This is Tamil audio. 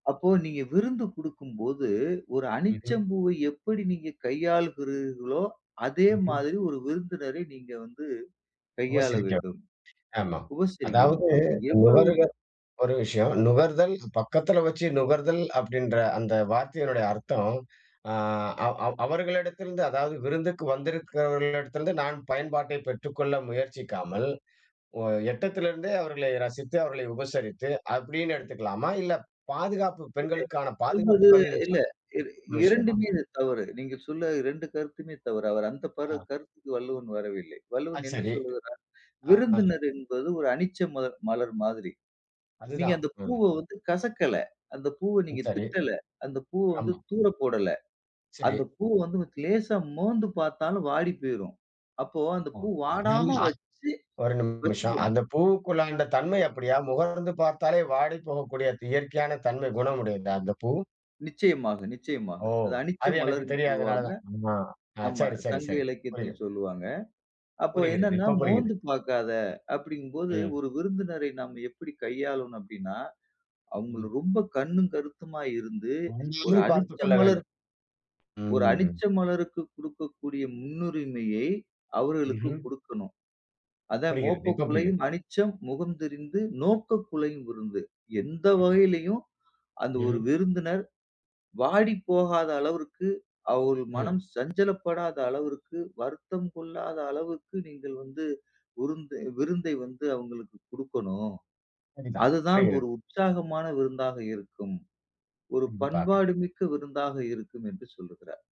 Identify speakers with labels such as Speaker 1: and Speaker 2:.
Speaker 1: அப்போ நீங்க விருந்து கொடுக்கும் போது, ஒரு
Speaker 2: ம்ஹ்ம்.
Speaker 1: அனிச்சம் பூவை எப்படி நீங்க கையாள்கிறீர்களோ, அதே
Speaker 2: ம்ஹ்ம்.
Speaker 1: மாதிரி ஒரு விருந்தினரை நீங்க வந்து கையாள
Speaker 2: உபசரிக்கணும்.
Speaker 1: வேண்டும்.
Speaker 2: ஆமா. அதாவது
Speaker 1: உபசரிக்கணும். அப்ப எவ்ளோ
Speaker 2: நுகருத ஒரு விஷயம், நுகர்தல், பக்கத்தில வச்சு நுகர்தல் அப்படின்ற அந்த வார்த்தையினுடைய அர்த்தம், அ, அவ் அவ் அவர்களிடத்திலிருந்து அதாவது விருந்துக்கு வந்திருக்கிறவர்களிடத்திலிருந்து நான் பயன்பாட்டை பெற்றுக்கொள்ள முயற்சிக்காமல், ஒ எட்டத்திலிருந்தே அவர்களை ரசித்து, அவர்களை உபசரித்து அப்படின்னு எடுத்துக்கலாமா? இல்ல பாதுகாப்பு
Speaker 1: இல்ல.
Speaker 2: பெண்களுக்கான பாதுகாப்பு
Speaker 1: சொல்வது
Speaker 2: கருதி
Speaker 1: இல்ல. இர
Speaker 2: விஷயமா?
Speaker 1: இரண்டுமே இது தவறு. நீங்க சொன்ன 2 கருத்துமே தவறு. அவர் அந்த பாட
Speaker 2: ஆ.
Speaker 1: அந்த கருத்துக்கு வள்ளுவன் வரவில்லை.
Speaker 2: ஆ
Speaker 1: வள்ளுவன் என்ன
Speaker 2: சரி.
Speaker 1: சொல்லுகிறார்?
Speaker 2: ஆம்.
Speaker 1: விருந்தினர் என்பது ஒரு அனிச்ச மலர் மலர் மாதிரி. நீங்க
Speaker 2: அதுதான்.
Speaker 1: அந்த
Speaker 2: ம்
Speaker 1: பூவ வந்து கசக்கல. அந்த பூவ
Speaker 2: ம்,
Speaker 1: நீங்க
Speaker 2: சரி.
Speaker 1: திட்டல. அந்த பூ வந்து
Speaker 2: ஆமா.
Speaker 1: தூர போடல.
Speaker 2: சேரி.
Speaker 1: அந்த பூ வந்து லேசா மோந்து பாத்தாலும் வாடி போயிரும். அப்போ அந்த
Speaker 2: ஆ,
Speaker 1: பூ
Speaker 2: அதாவது
Speaker 1: வாடாம
Speaker 2: அ.
Speaker 1: வச்சு,
Speaker 2: ஒரு நிமிஷம்.
Speaker 1: வச்சுக்கணும்.
Speaker 2: அந்த பூவுக்குள் அந்த தன்மை அப்படியா? முகர்ந்து பார்த்தாலே வாடி போகக்கூடிய இயற்கையான தன்மை குணமுடையதா அந்த பூ?
Speaker 1: நிச்சயமாக, நிச்சயமாக!
Speaker 2: ஓ!
Speaker 1: அத அனிச்ச
Speaker 2: அது எனக்கு
Speaker 1: மலர் என்று சொல்வாங்க.
Speaker 2: தெரியாதனாலதான். ஆமா, அ
Speaker 1: ஆமா,
Speaker 2: சேரி, சேரி,
Speaker 1: சங்க
Speaker 2: சேரி
Speaker 1: இலக்கியத்தில்
Speaker 2: புரியும்.
Speaker 1: சொல்லுவாங்க. அப்போ
Speaker 2: புரிகிறது.
Speaker 1: என்னன்னா
Speaker 2: இப்போ புரியுது.
Speaker 1: மோந்து பாக்காத! அப்படிங்கும் போது
Speaker 2: ம்.
Speaker 1: ஒரு விருந்தினரை நாம் எப்படி கையாளனும் அப்படினா, அவங்கள
Speaker 2: ம்.
Speaker 1: ரொம்ப கண்ணும், கருத்துமா இருந்து ஒரு
Speaker 2: உண்மைலேயே
Speaker 1: அனிச்ச
Speaker 2: பார்த்துக்கொள்ள
Speaker 1: மலர்
Speaker 2: வேண்டும்.
Speaker 1: ஒரு
Speaker 2: ம்.
Speaker 1: அனிச்ச மலருக்கு கொடுக்கக்கூடிய முன்னுரிமையை அவர்களுக்கு
Speaker 2: ம்ஹ்ம்.
Speaker 1: கொடுக்கணும். அதான்,
Speaker 2: புரிகிறது.
Speaker 1: "மோப்ப
Speaker 2: இப்போ புரிகிறது.
Speaker 1: குழையும் அனிச்சம், முகம் தெரிந்து நோக்க குழையும் விருந்து" எந்த
Speaker 2: ம்.
Speaker 1: வகைளையும், அந்த ஒரு
Speaker 2: ம்ஹ்ம்.
Speaker 1: விருந்தினர் வாடி போகாத அளவிற்கு, அவர்கள்
Speaker 2: ம்.
Speaker 1: மனம் சஞ்சலப்படாத அளவிற்கு, வருத்தம் கொள்ளாத அளவுக்கு நீங்கள் வந்து விருந்து விருந்தை வந்து அவங்களுக்கு கொடுக்கணும்.
Speaker 2: சரிதான்!
Speaker 1: அதுதான்
Speaker 2: புரிகிறது.
Speaker 1: ஒரு உற்சாகமான விருந்தாக இருக்கும். ஒரு
Speaker 2: கண்டிப்பாக.
Speaker 1: பண்பாடு மிக்க விருந்தாக இருக்கும் என்று சொல்லுகிறார்.